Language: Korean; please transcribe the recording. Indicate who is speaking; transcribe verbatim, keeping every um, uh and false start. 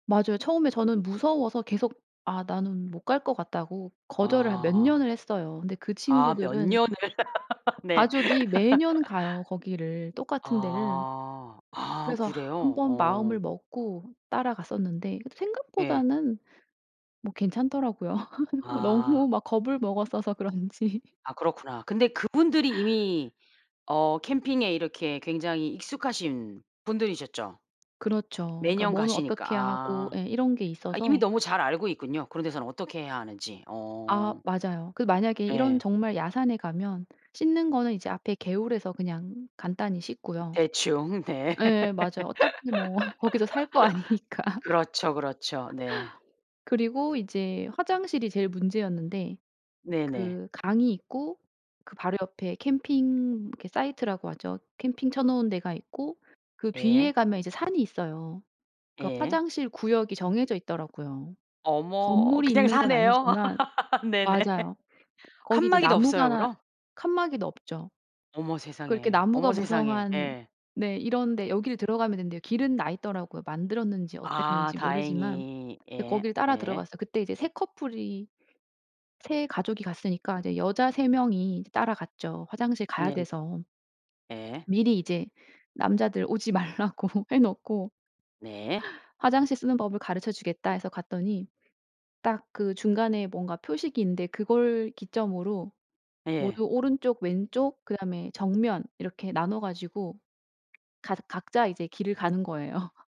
Speaker 1: 맞아요. 처음에 저는 무서워서 계속 아 나는 못 갈 것 같다고 거절을 한 몇
Speaker 2: 아.
Speaker 1: 년을 했어요. 근데 그
Speaker 2: 아 몇
Speaker 1: 친구들은
Speaker 2: 년을. 네.
Speaker 1: 가족이 매년 가요, 거기를. 똑같은 데를.
Speaker 2: 아. 아
Speaker 1: 그래서
Speaker 2: 그래요?
Speaker 1: 한번
Speaker 2: 어.
Speaker 1: 마음을 먹고 따라갔었는데 그래도
Speaker 2: 예.
Speaker 1: 생각보다는 뭐 괜찮더라고요.
Speaker 2: 아.
Speaker 1: 너무 막 겁을 먹었어서 그런지.
Speaker 2: 아 그렇구나. 근데 그분들이 이미 어 캠핑에 이렇게 굉장히 익숙하신 분들이셨죠?
Speaker 1: 그렇죠. 그러니까
Speaker 2: 매년
Speaker 1: 뭐는
Speaker 2: 가시니까.
Speaker 1: 어떻게 하고
Speaker 2: 아.
Speaker 1: 예 이런 게
Speaker 2: 아 이미
Speaker 1: 있어서
Speaker 2: 너무 잘 알고 있군요. 그런 데서는 어떻게 해야 하는지.
Speaker 1: 아
Speaker 2: 어.
Speaker 1: 맞아요. 그 만약에 이런
Speaker 2: 예.
Speaker 1: 정말 야산에 가면 씻는 거는 이제 앞에 개울에서 그냥 간단히 씻고요.
Speaker 2: 대충 네.
Speaker 1: 예 맞아요. 어차피 뭐 거기서 살 거 아니니까.
Speaker 2: 그렇죠, 그렇죠. 네.
Speaker 1: 그리고 이제 화장실이 제일 문제였는데
Speaker 2: 네네.
Speaker 1: 그 강이 있고 그 바로 옆에 캠핑 이렇게 사이트라고 하죠. 캠핑 쳐 놓은 데가 있고 그
Speaker 2: 예.
Speaker 1: 뒤에 가면 이제 산이 있어요. 그러니까
Speaker 2: 예.
Speaker 1: 화장실 구역이 정해져 있더라고요.
Speaker 2: 어머
Speaker 1: 건물이
Speaker 2: 그냥
Speaker 1: 있는 건
Speaker 2: 산에요.
Speaker 1: 아니지만
Speaker 2: 네네.
Speaker 1: 맞아요. 거기 이제
Speaker 2: 칸막이도 없어요
Speaker 1: 나무가
Speaker 2: 그럼?
Speaker 1: 칸막이도 없죠.
Speaker 2: 어머
Speaker 1: 그 이렇게
Speaker 2: 세상에. 어머
Speaker 1: 나무가
Speaker 2: 세상에.
Speaker 1: 무성한
Speaker 2: 예.
Speaker 1: 네 이런 데 여기를 들어가면 된대요. 길은 나 있더라고요 만들었는지
Speaker 2: 아
Speaker 1: 어땠는지 모르지만.
Speaker 2: 다행히.
Speaker 1: 이제
Speaker 2: 예.
Speaker 1: 거길 따라
Speaker 2: 예.
Speaker 1: 들어갔어요. 그때 이제 세 커플이 세 가족이 갔으니까 이제 여자 세 명이 따라갔죠 화장실 가야
Speaker 2: 네.
Speaker 1: 돼서.
Speaker 2: 예.
Speaker 1: 미리 이제 남자들 오지 말라고 해 놓고
Speaker 2: 네.
Speaker 1: "화장실 쓰는 법을 가르쳐 주겠다." 해서 갔더니 딱 그 중간에 뭔가 표식이 있는데 그걸 기점으로
Speaker 2: 예.
Speaker 1: 모두 오른쪽, 왼쪽 그다음에 정면 이렇게 나눠 가지고 가 각자 이제 길을 가는 거예요.